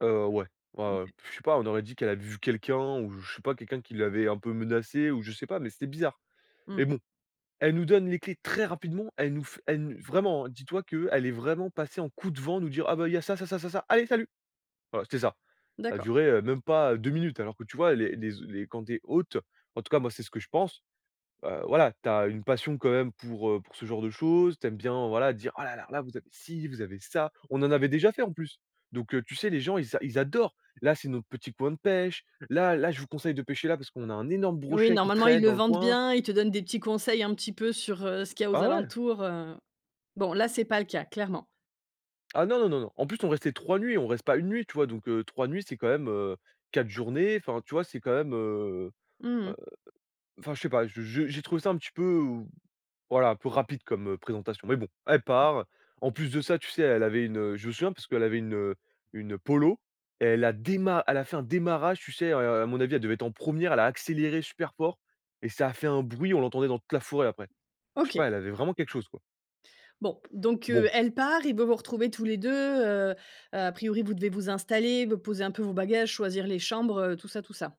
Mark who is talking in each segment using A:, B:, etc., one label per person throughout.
A: Heu, ouais. Ouais, ouais.
B: OK.
A: Puis, je sais pas, on aurait dit qu'elle avait vu quelqu'un ou je sais pas, quelqu'un qui l'avait un peu menacée ou je sais pas, mais c'était bizarre et
B: Mmh.
A: bon, elle nous donne les clés très rapidement. Elle nous f elle nous vraiment, dis toi qu'elle est vraiment passée en coup de vent nous dire: «Ah, bah, il y a ça, ça, ça, ça, ça, allez salut!» Voilà, c'était ça. Ça a
B: D'accord.
A: duré, heu, même pas, heu, 2 minutes, alors que, tu vois, les les e quand tu es hôte, en tout cas, moi, c'est ce que je pense, bah, voilà, tu as une passion quand même pour, heu, pour ce genre de choses. Tu aimes bien, voilà, dire: «Oh, là, là, là, vous avez si, vous avez ça». On en avait déjà fait, en plus, donc heu, tu sais, les gens, ils a ils adorent! «Là, c'est notre petit coin de pêche. Là, là, je vous conseille de pêcher là parce qu'on a un énorme
B: Oui,
A: brochet qui
B: normalement, ils
A: traîne
B: le
A: dans le
B: vendent
A: coin».
B: bien. Ils te donnent des petits conseils un petit peu sur, heu, ce qu'il y a aux
A: Ah ouais.
B: alentours, heu, bon, là, c'est pas le cas, clairement.
A: Ah, non, non, non, non. En plus, on restait 3 nuits. On reste pas 1 nuit, tu vois? Donc heu, 3 nuits, c'est quand même, heu, 4 journées. Enfin, tu vois? C'est quand même, heu
B: Mmh
A: heu,
B: mh.
A: enfin je sais pas, je je j'ai trouvé ça un petit peu, heu, voilà, un peu rapide comme présentation, mais bon, elle part. En plus de ça, tu sais, elle avait une, heu, je me souviens parce qu'elle avait une, heu, une Polo et elle a déma elle a fait un démarrage, tu sais, heu heu, à mon avis, elle devait être en 1re, elle a accéléré super fort et ça a fait un bruit! On l'entendait dans toute la forêt, après. Je sais
B: OK.
A: pas, elle avait vraiment quelque chose, quoi.
B: Bon, donc heu,
A: Bon.
B: elle part et vous, vous retrouvez tous les 2, heu heu, à priori, vous devez vous installer, vous poser un peu vos bagages, choisir les chambres, heu, tout ça, tout ça.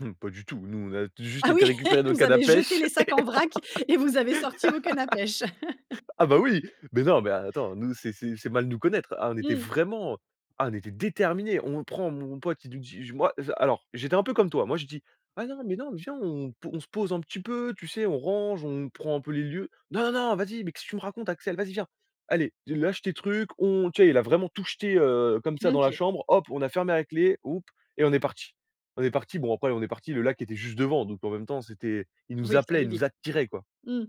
A: Mmh, pas du tout! Nous, on a juste
B: Ah oui?
A: été récupérer
B: Eh!
A: nos
B: Vous
A: cannes à
B: avez jeté
A: pêche
B: les
A: et
B: sacs en vrac et vous avez sorti vos cannes à pêche.
A: on ah, bah, oui! Mais non, mais attends, nous, c'est c'est c'est mal nous connaître! Ah on était
B: Mmh.
A: vraiment ah, on était déterminés! On le prend mon pote, il nous dit: «Je», moi, za alors. J'étais un peu comme toi. Moi, je dis: «Ouais, non mais non, mais viens, on on se pose un petit peu, tu sais, on range, on prend un peu les lieux». «Non, non, non, vas-y, mais qu'est-ce tu me racontes, Axel? Vas-y, viens! Allez! Tu lâche tes trucs, on», tu sais, il a vraiment tout jeté, heu, comme ça,
B: Mmh,
A: dans la
B: OK.
A: chambre, hop, on a fermé a clé, houp et on est partis. On est partis. Bon, après, on est partis, le lac était juste devant, donc en même temps, c'était il nous
B: Oui, c'est
A: appelait,
B: allé
A: il nous
B: vite.
A: attirait, quoi.
B: Mmh.